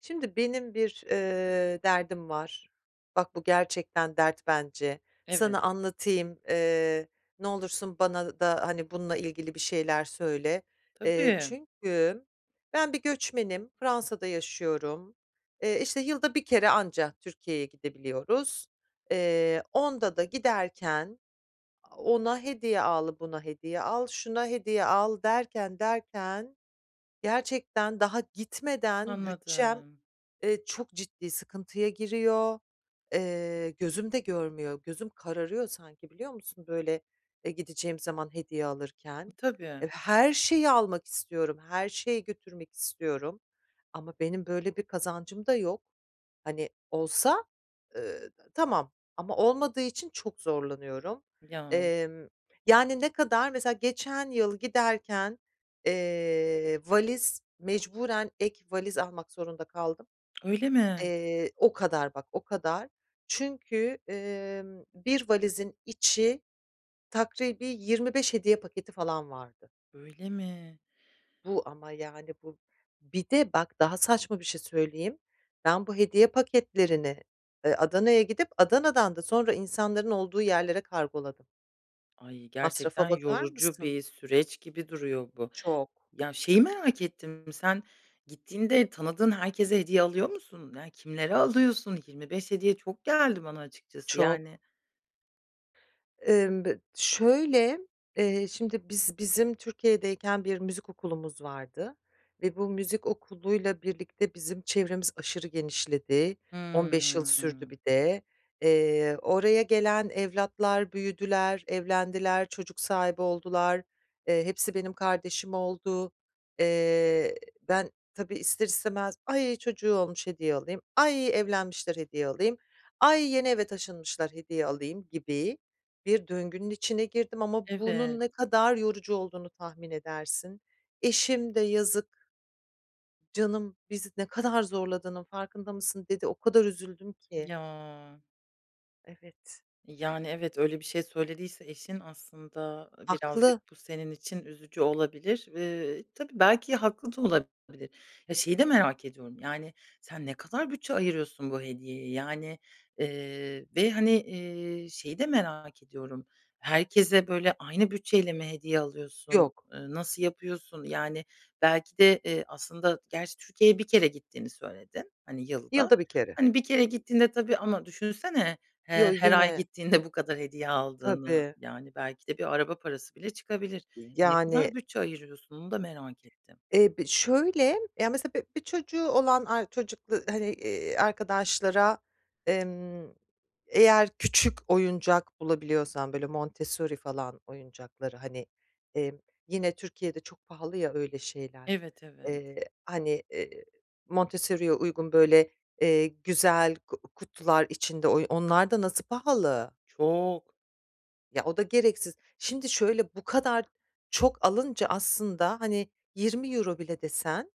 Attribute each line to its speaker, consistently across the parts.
Speaker 1: Şimdi benim bir, eee, derdim var. Bak, bu gerçekten dert bence.
Speaker 2: Evet.
Speaker 1: Sana anlatayım, eee, ne olursun bana da, hani, bununla ilgili bir şeyler söyle, eee,
Speaker 2: Tabii.
Speaker 1: çünkü ben bir göçmenim. Fransa'da yaşıyorum. Eee, işte yılda 1 kere anca Türkiye'ye gidebiliyoruz. Eee, onda da giderken ona hediye al, buna hediye al, şuna hediye al derken, derken, gerçekten daha gitmeden bütçem,
Speaker 2: Anladım.
Speaker 1: eee, çok ciddi sıkıntıya giriyor. Eee, gözüm de görmüyor, gözüm kararıyor sanki, biliyor musun, böyle, eee, gideceğim zaman hediye
Speaker 2: E,
Speaker 1: alırken.
Speaker 2: tabii.
Speaker 1: Eee, her şeyi almak istiyorum, her şeyi götürmek istiyorum. Ama benim böyle bir kazancım da yok. Hani olsa, eee, tamam ama olmadığı için çok zorlanıyorum.
Speaker 2: Ya.
Speaker 1: Emm, yani ne kadar? Mesela geçen yıl giderken, eee, valiz mecburen ek valiz almak zorunda kaldım,
Speaker 2: Öyle mi?
Speaker 1: eee, o kadar bak, o kadar. Çünkü, eee, 1 valizin içi takribî 25 hediye paketi falan vardı.
Speaker 2: Öyle mi?
Speaker 1: Bu ama yani bu. Bir de bak daha saçma bir şey söyleyeyim, ben bu hediye paketlerini, eee, Adana'ya gidip Adana'dan da sonra insanların olduğu yerlere kargoladım.
Speaker 2: Ay,
Speaker 1: Masrafa
Speaker 2: gerçekten
Speaker 1: bakar
Speaker 2: yorucu
Speaker 1: mısın?
Speaker 2: bir süreç gibi duruyor bu.
Speaker 1: Çok.
Speaker 2: Ya, şeyi merak ettim sen gittiğinde tanıdığın herkese hediye alıyor musun? Ya kimleri alıyorsun? 25 hediye çok geldi bana açıkçası,
Speaker 1: Çok.
Speaker 2: yani.
Speaker 1: Imm, bı şöyle, eee, şimdi biz bizim Türkiye'deyken bir müzik okulumuz vardı ve bu müzik okuluyla birlikte bizim çevremiz aşırı genişledi, 15 yıl sürdü
Speaker 2: Hımm.
Speaker 1: bir de. Eee, oraya gelen evlatlar büyüdüler, evlendiler, çocuk sahibi oldular, eee, hepsi benim kardeşim oldu, eee, ben tabii ister istemez "Ay, çocuğu olmuş, hediye alayım. Ay, evlenmişler, hediye alayım. Ay, yeni eve taşınmışlar, hediye alayım." gibi. Bir döngünün içine girdim ama bunun
Speaker 2: Evet.
Speaker 1: ne kadar yorucu olduğunu tahmin edersin, eşim de yazık “Canım, bizi ne kadar zorladığının farkında mısın?“ dedi. O kadar üzüldüm ki.
Speaker 2: Ya.
Speaker 1: Evet.
Speaker 2: Yani, evet, öyle bir şey söylediyse eşin aslında, ııı, birazcık
Speaker 1: Haklı.
Speaker 2: bu senin için üzücü olabilir. Iıı, tabii belki haklı da olabilir. Ya, şeyi de merak ediyorum: Yani, sen ne kadar bütçe ayırıyorsun bu hediyeye? Yani, ııı, ve, hani, eee, şeyi de merak ediyorum: Herkese, böyle, aynı bütçeyle mi hediye alıyorsun,
Speaker 1: Yok.
Speaker 2: ııı, nasıl yapıyorsun? Yani, belki de, eee, aslında gerçi Türkiye'ye 1 kere gittiğini söyledin, hani, yılda.
Speaker 1: Yılda 1 kere.
Speaker 2: Hani, 1 kere gittiğinde, tabii, ama düşünsene,
Speaker 1: Yo,
Speaker 2: eee, her ay
Speaker 1: yine.
Speaker 2: gittiğinde bu kadar hediye aldığını,
Speaker 1: Tabii.
Speaker 2: yani, belki de bir araba parası bile çıkabilir.
Speaker 1: Iıı,
Speaker 2: Ne kadar
Speaker 1: yani.
Speaker 2: bütçe ayırıyorsun? Onu da merak ettim.
Speaker 1: Eee, bi şöyle, ya mesela bi bir çocuğu olan ar çocuklu, hani, eee, arkadaşlara emm, eğer küçük oyuncak bulabiliyorsan böyle Montessori falan, oyuncakları, hani, emm, yine, Türkiye'de çok pahalı ya öyle şeyler,
Speaker 2: Evet, evet.
Speaker 1: eee, hani, ııı, Montessori'ye uygun böyle, eee, güzel ku kutular içinde, oy onlar da nasıl pahalı?
Speaker 2: Çok.
Speaker 1: Ya, o da gereksiz. Şimdi şöyle, bu kadar çok alınca aslında, hani, €20 bile desen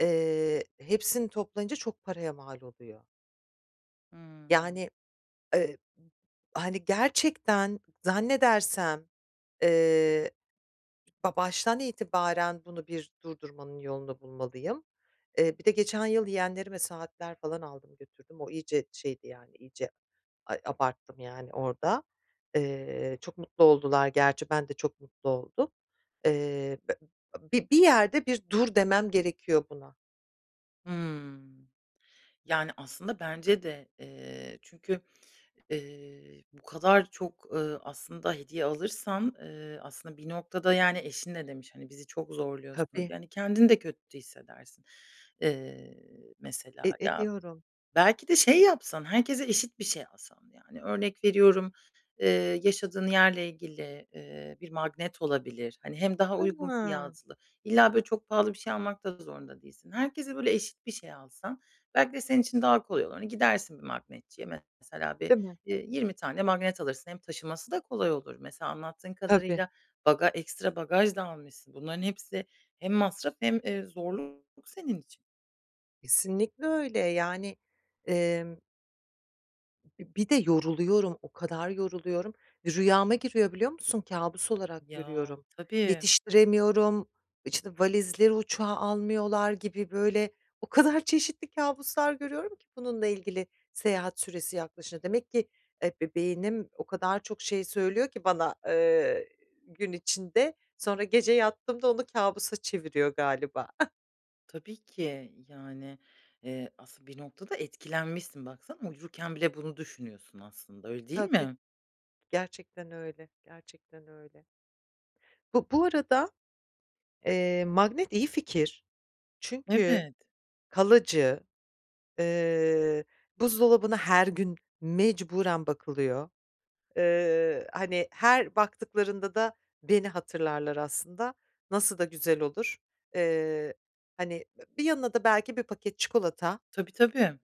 Speaker 1: eee, hepsini toplayınca çok paraya mal oluyor.
Speaker 2: Imm.
Speaker 1: Yani, eb hani, gerçekten zannedersem, eee, ba baştan itibaren bunu bir durdurmanın yolunu bulmalıyım. Eee, bir de geçen yıl yeğenlerime saatler falan aldım, götürdüm, o iyice şeydi, yani, iyice, ay, abarttım, yani, orada. Eee, çok mutlu oldular gerçi, ben de çok mutlu oldum. Eee be b bi bir yerde bir dur demem gerekiyor buna.
Speaker 2: Hımm. Yani, aslında bence de, eee, çünkü ııı bu kadar çok, ııı, aslında, hediye alırsan, ııı, aslında, bir noktada, yani, eşin ne demiş: Hani, "Bizi çok zorluyorsun."
Speaker 1: Tabii.
Speaker 2: Yani, kendin de kötü hissedersin, ııı, mesela.
Speaker 1: E,
Speaker 2: Ya,
Speaker 1: ediyorum.
Speaker 2: belki de şey yapsan, herkese eşit bir şey alsa Yani, örnek veriyorum, eee, yaşadığın yerle ilgili, ııı, bir magnet olabilir, hani, hem daha uygun
Speaker 1: Hıı.
Speaker 2: fiyatlı. İlla, böyle çok pahalı bir şey almak da zorunda değilsin. Herkese böyle eşit bir şey alsan belki de senin için daha kolay olur. Hani, gidersin bir magnetçiye mesela bir,
Speaker 1: Değil mi?
Speaker 2: ııı, 20 tane magnet alırsın hem taşıması da kolay olur. Mesela anlattığın
Speaker 1: Tabii.
Speaker 2: kadarıyla baga ekstra bagaj da almışsın. Bunların hepsi hem masraf hem, eee, zorluk senin için.
Speaker 1: Kesinlikle öyle. Yani, emm. Bi bir de yoruluyorum, o kadar yoruluyorum. Rüyama giriyor, biliyor musun, kâbus olarak
Speaker 2: Ya,
Speaker 1: görüyorum.
Speaker 2: tabii.
Speaker 1: Yetiştiremiyorum, işte, valizleri uçağa almıyorlar gibi böyle, o kadar çeşitli kâbuslar görüyorum ki bununla ilgili seyahat süresi yaklaşın Demek ki, eee, be beynim o kadar çok şey söylüyor ki bana, eee, gün içinde, sonra gece yattığımda onu kâbusa çeviriyor galiba.
Speaker 2: Tabii ki. Yani, eee, aslında bir noktada etkilenmişsin, baksana. Uyurken bile bunu düşünüyorsun aslında. Öyle değil
Speaker 1: Tabii.
Speaker 2: mi?
Speaker 1: Gerçekten öyle, gerçekten öyle. Bu bu arada, eee, magnet iyi fikir, çünkü
Speaker 2: Evet.
Speaker 1: kalıcı, eee, buzdolabına her gün mecburen bakılıyor. Eee, hani, her baktıklarında da beni hatırlarlar aslında. Nasıl da güzel olur. Eee, hani, b bir yanına da belki bir paket çikolata.
Speaker 2: Tabii, tabii.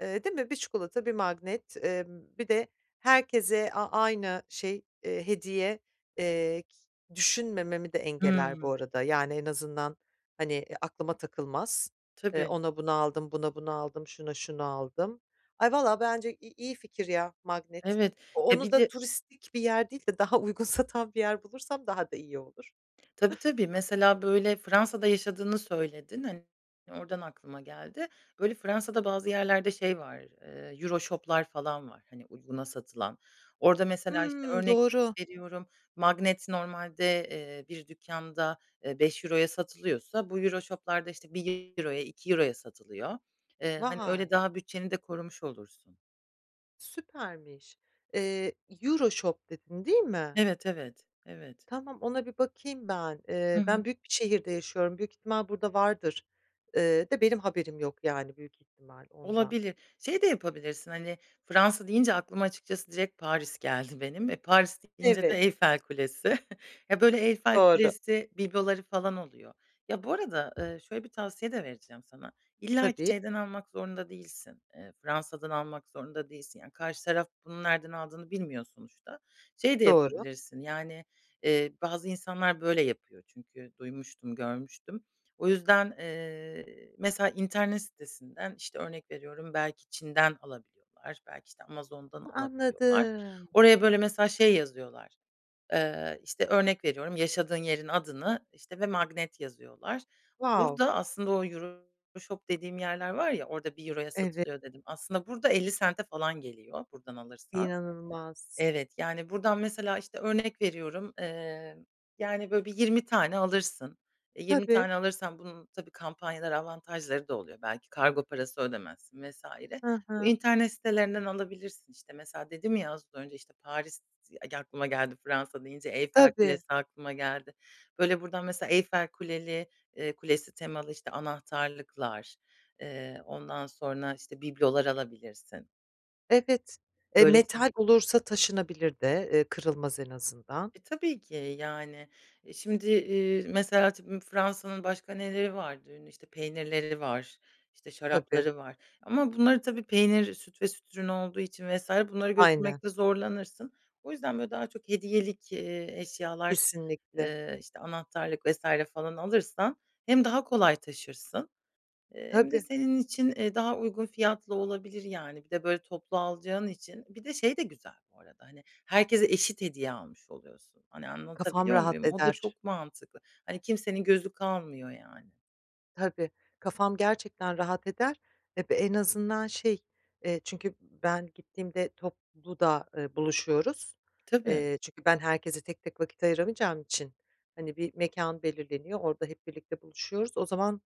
Speaker 1: Eee, değil mi? 1 çikolata, 1 magnet, emm, bir de herkese a aynı şey, eee, hediye. Eee, ki düşünmememi de engeller bu
Speaker 2: Hımm.
Speaker 1: arada, yani, en azından hani, eee, aklıma takılmaz. Eee,
Speaker 2: Tabii.
Speaker 1: ona bunu aldım, buna bunu aldım, şuna şunu aldım. Ay, valla bence i iyi fikir, ya, magnet.
Speaker 2: Evet.
Speaker 1: O
Speaker 2: Ya,
Speaker 1: onu
Speaker 2: bir
Speaker 1: da
Speaker 2: de
Speaker 1: turistik bir yer değil de daha uygun satan bir yer bulursam daha da iyi olur.
Speaker 2: Tabii, tabii. Mesela böyle Fransa'da yaşadığını söyledin. Hani, oradan aklıma geldi. Böyle Fransa'da bazı yerlerde, şey, var, eee, EuroShop'lar falan var, hani, uyguna satılan. Orada mesela işte
Speaker 1: Hımm.
Speaker 2: örnek
Speaker 1: Doğru.
Speaker 2: veriyorum magnet normalde, eee, bir dükkanda, eee, €5'ya satılıyorsa, bu EuroShop'larda işte €1'ya, €2'ya satılıyor. Eee, hani,
Speaker 1: Vay!
Speaker 2: öyle daha bütçeni de korumuş olursun.
Speaker 1: Süpermiş. Eee, Euroshop dedin değil mi?
Speaker 2: Evet, evet, evet.
Speaker 1: Tamam ona bir bakayım ben.
Speaker 2: Hı
Speaker 1: Eee,
Speaker 2: hı.
Speaker 1: ben büyük bir şehirde yaşıyorum, büyük ihtimal burada vardır, ııı, de benim haberim yok yani büyük ihtimal ondan.
Speaker 2: Olabilir. Şey de yapabilirsin, hani, Fransa deyince aklıma açıkçası direkt Paris geldi benim, eee, Paris deyince de
Speaker 1: Evet.
Speaker 2: Eyfel Kulesi. Ya, böyle, Eyfel
Speaker 1: Doğru.
Speaker 2: Kulesi bibloları falan oluyor. Ya, bu arada, eee, şöyle bir tavsiye de vereceğim sana. İllaki
Speaker 1: Tabii.
Speaker 2: şeyden almak zorunda değilsin. Eee, Fransa’dan almak zorunda değilsin. Yani karşı taraf bunu nereden aldığını bilmiyor sonuçta. Şey de
Speaker 1: Doğru.
Speaker 2: yapabilirsin, yani, eee, bazı insanlar böyle yapıyor çünkü duymuştum, görmüştüm. O yüzden, eee, mesela internet sitesinden, işte, örnek veriyorum belki Çin’den alabiliyorlar, belki, işte, Amazon’dan
Speaker 1: Hı,
Speaker 2: alabiliyorlar.
Speaker 1: anladım.
Speaker 2: Oraya, böyle, mesela şey yazıyorlar, eee, işte, örnek veriyorum, yaşadığın yerin adını, işte, ve magnet yazıyorlar.
Speaker 1: Wow.
Speaker 2: Burada aslında o Euroshop dediğim yerler var ya, orada €1'ya
Speaker 1: Evet.
Speaker 2: satılıyor dedim. Aslında burada ¢50'e falan geliyor buradan alırsan.
Speaker 1: İnanılmaz.
Speaker 2: Evet, yani, buradan mesela, işte, örnek veriyorum, eee, yani, böyle, bir 20 tane alırsın. Eee, 20
Speaker 1: Tabii.
Speaker 2: tane alırsan bunun tabii kampanyalar, avantajları da oluyor, belki kargo parası ödemezsin vs.
Speaker 1: Hı
Speaker 2: Bu
Speaker 1: hı.
Speaker 2: internet sitelerinden alabilirsin, işte, mesela dedim ya, az önce, işte, Paris [unintelligible] aklıma geldi Fransa deyince, Eyfel
Speaker 1: Tabii.
Speaker 2: Kulesi aklıma geldi. Böyle, buradan mesela Eyfel Kuleli, eee, Kulesi temalı işte anahtarlıklar, eee, ondan sonra, işte, biblolar alabilirsin.
Speaker 1: Evet, e,
Speaker 2: Böyle, şey
Speaker 1: metal olursa taşınabilir de, eee, kırılmaz en azından.
Speaker 2: E, tabii ki, yani. E, şimdi, iii, mesela [unintelligible] Fransa’nın başka neleri vardı ünlü? İşte, peynirleri var, işte,
Speaker 1: Tabii.
Speaker 2: şarapları var ama bunları tabii peynir süt ve süt ürün olduğu için vs. bunları
Speaker 1: Aynen.
Speaker 2: götürmekte zorlanırsın. O yüzden, böyle, daha çok hediyelik, eee, eşyalar,
Speaker 1: Kesinlikle.
Speaker 2: eee, işte, anahtarlık vs. falan alırsan hem daha kolay taşırsın, eee, hem de
Speaker 1: Tabii.
Speaker 2: senin için, eee, daha uygun fiyatla olabilir, yani. Bir de böyle toplu alacağın için. Bir de şey de güzel bu arada, hani, herkese eşit hediye almış oluyorsun. Hani,
Speaker 1: Kafam
Speaker 2: anlatabiliyor
Speaker 1: rahat
Speaker 2: muyum? O da
Speaker 1: eder.
Speaker 2: çok mantıklı. Hani, kimsenin gözü kalmıyor, yani.
Speaker 1: Tabii, kafam gerçekten rahat eder, eb en azından şey, eee, çünkü ben gittiğimde toplu da, eee, buluşuyoruz,
Speaker 2: Tabii.
Speaker 1: eee, çünkü ben herkese tek tek vakit ayıramayacağım için, hani, bir mekân belirleniyor, orada hep birlikte buluşuyoruz, o zaman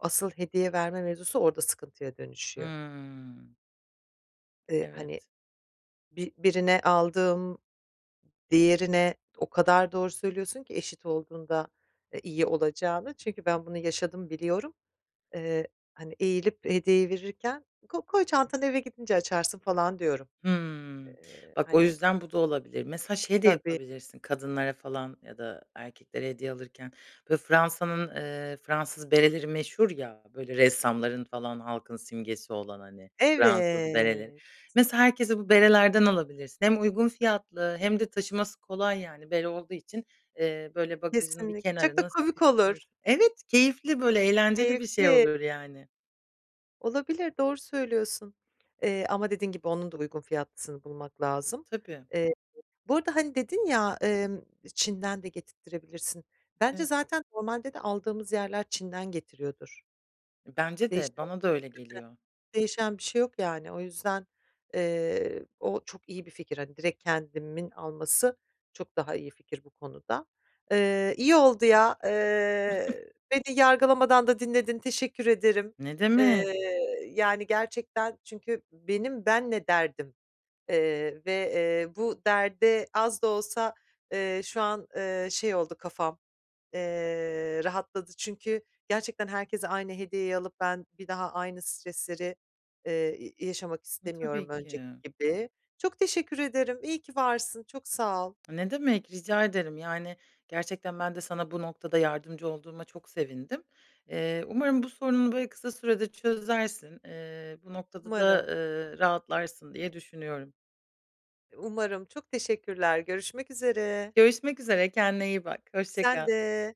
Speaker 1: asıl hediye verme mevzusu orada sıkıntıya dönüşüyor.
Speaker 2: Hımm.
Speaker 1: Eee, hani,
Speaker 2: Evet.
Speaker 1: bi birine aldığım diğerine o kadar doğru söylüyorsun ki eşit olduğunda, eee, iyi olacağını. Çünkü ben bunu yaşadım biliyorum, eee, hani, eğilip hediyeyi verirken ko koy çantanı eve gidince açarsın falan diyorum.
Speaker 2: Hımm.
Speaker 1: Eee,
Speaker 2: Bak o
Speaker 1: hani
Speaker 2: yüzden bu da olabilir. Mesela şey de
Speaker 1: Tabii.
Speaker 2: yapabilirsin kadınlara falan ya da erkeklere hediye alırken. Böyle Fransa’nın, eee, Fransız bereleri meşhur ya, böyle, ressamların falan halkın simgesi olan, hani, Fransız bereleri.
Speaker 1: Evet.
Speaker 2: Mesela herkese bu berelerden alabilirsin. Hem uygun fiyatlı hem de taşıması kolay, yani. Bere olduğu için, eee, böyle, bagajın bir
Speaker 1: Kesinlik çok da
Speaker 2: kenarına.
Speaker 1: komik
Speaker 2: [unintelligible]
Speaker 1: olur.
Speaker 2: Evet, keyifli böyle eğlenceli bir şey
Speaker 1: Keyifli.
Speaker 2: olur, yani.
Speaker 1: Olabilir. Doğru söylüyorsun. Eee, ama dediğin gibi, onun da uygun fiyatlısını bulmak lazım.
Speaker 2: Tabii.
Speaker 1: Eee, bu arada, hani, dedin ya, emm, Çin'den de getirttirebilirsin, bence
Speaker 2: E.
Speaker 1: zaten normalde de aldığımız yerler Çin'den getiriyordur.
Speaker 2: Bence de,
Speaker 1: Değişen
Speaker 2: bana da öyle geliyor.
Speaker 1: [unintelligible] değişen bir şey yok yani. O yüzden, eee, o çok iyi bir fikir, hani, direkt kendimin alması çok daha iyi fikir bu konuda. Eee, iyi oldu ya, eee, beni yargılamadan da dinledin, teşekkür ederim.
Speaker 2: Ne demek.
Speaker 1: Eee, yani, gerçekten çünkü benim benle derdim, eee, ve, eee, bu derde az da olsa, eee, şu an, eee, şey, oldu kafam, eee, rahatladı. Çünkü gerçekten herkese aynı hediyeyi alıp ben bir daha aynı stresleri, eee, i yaşamak
Speaker 2: E,
Speaker 1: istemiyorum
Speaker 2: tabii
Speaker 1: önceki
Speaker 2: ki.
Speaker 1: gibi. Çok teşekkür ederim, iyi ki varsın, çok sağ ol.
Speaker 2: Ne demek, rica ederim. Yani, gerçekten ben de sana bu noktada yardımcı olduğuma çok sevindim. Eee, umarım bu sorununu, böyle, kısa sürede çözersin. Eee, bu noktada da,
Speaker 1: Umarım.
Speaker 2: eee, rahatlarsın diye düşünüyorum.
Speaker 1: Umarım. Çok teşekkürler. Görüşmek üzere.
Speaker 2: Görüşmek üzere, kendine iyi bak. Hoşça
Speaker 1: Sen
Speaker 2: kal.
Speaker 1: de.